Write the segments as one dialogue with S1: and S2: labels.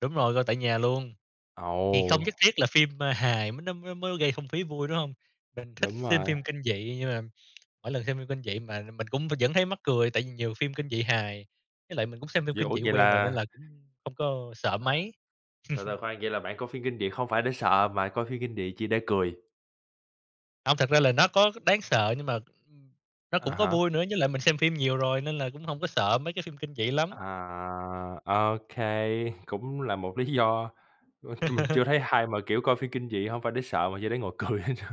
S1: Đúng rồi, coi tại nhà luôn, thì không
S2: Ồ!
S1: nhất thiết là phim, a, hài mới nó mới mới gây không khí vui, đúng hông? Mình thích
S2: Đúng
S1: xem
S2: rồi.
S1: phim kinh dị, nhưng mà mỗi lần xem phim kinh dị mà mình cũng vẫn thấy mắc cười, tại vì nhiều phim kinh dị hài. Với lại mình cũng xem phim
S2: Vậy,
S1: kinh
S2: ủa,
S1: dị
S2: vậy
S1: quen rồi nên
S2: là
S1: là cũng không có sợ
S2: Ơ,
S1: mấy.
S2: từ từ khoan, vậy là bạn coi phim kinh dị không phải để sợ, mà coi phim kinh dị chỉ để cười.
S1: Hông, thật ra là nó có đáng sợ nhưng mà, ưm, nó
S2: À
S1: cũng có
S2: há.
S1: vui nữa, với lại mình xem phim nhiều rồi nên là cũng hông có sợ mấy cái phim kinh dị lắm.
S2: À, ô kê, cũng là một lý do, ch mình chưa thấy ai mà, kiểu, coi phim kinh dị hông phải để sợ mà chỉ để ngồi cười hết.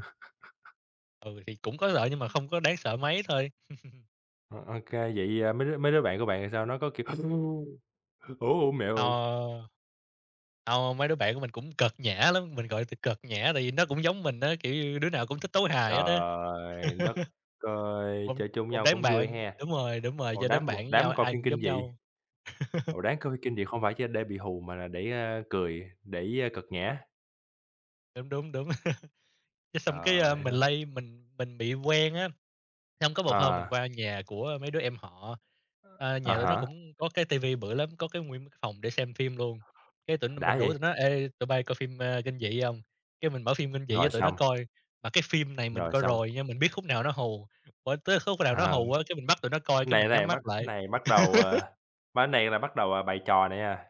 S1: Ừ, thì cũng có lợi nhưng mà không có đáng sợ mấy thôi.
S2: Ô kê, vậy, à, mấy đứa mấy đứa bạn của bạn thì sao, nó có, kiểu, "Ủa, ủa, mẹ ơi!"
S1: Ờ. Hông, mấy đứa bạn của mình cũng cợt nhã lắm, mình gọi từ cợt nhã tại vì nó cũng giống mình á, kiểu như, đứa nào cũng thích tấu hài hết á.
S2: Trời đất ơi!
S1: Một
S2: Chơi chung với
S1: một
S2: nhau
S1: đám
S2: cũng vui
S1: bạn
S2: ha,
S1: đúng rồi, đúng rồi,
S2: một
S1: chơi đám
S2: đám một
S1: bạn với nhau,
S2: đám coi
S1: ai
S2: phim
S1: cũng
S2: kinh
S1: giống
S2: dị.
S1: nhau.
S2: Ồ, đáng coi kinh dị không phải chỉ để bị hù mà là để, a, cười, để, a, cợt nhã.
S1: Đúng, đúng, đúng. Cái, xong cái, a,
S2: Trời
S1: mình
S2: ơi!
S1: lây mình mình bị quen á, xong có một hôm mình
S2: À.
S1: qua nhà của mấy đứa em họ, ơ,
S2: À
S1: nhà tụi nó
S2: há.
S1: cũng có cái TV bự lắm, có cái nguyên cái phòng để xem phim luôn, cái tỉnh mình
S2: Đã
S1: rủ tụi
S2: vậy!
S1: nó "Ê, tụi bây coi phim, a, kinh dị hông?" Cái mình mở phim kinh dị cho
S2: Rồi
S1: tụi nó
S2: xong.
S1: coi, mà cái phim này mình
S2: Rồi
S1: coi
S2: xong.
S1: rồi nhưng mình biết khúc nào nó hù, [unintelligible] tới khúc nào nó
S2: Ờ.
S1: hù á cái mình bắt tụi nó coi, cái
S2: Này
S1: mình nhắm
S2: này
S1: mắt
S2: bắt
S1: lại.
S2: này bắt đầu, à, ba cái này là bắt đầu, à, bày trò này nha,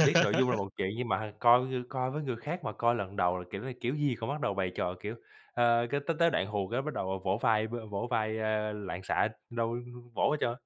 S2: biết nội dung là một chuyện, nhưng mà h coi coi với người khác mà coi lần đầu là kiểu này kiểu gì cũng bắt đầu bày trò, kiểu, ờ, cái tới tới đoạn hù cái bắt đầu, à, vỗ vai v vỗ vai, a, loạn xạ, đâu vỗ hết trơn.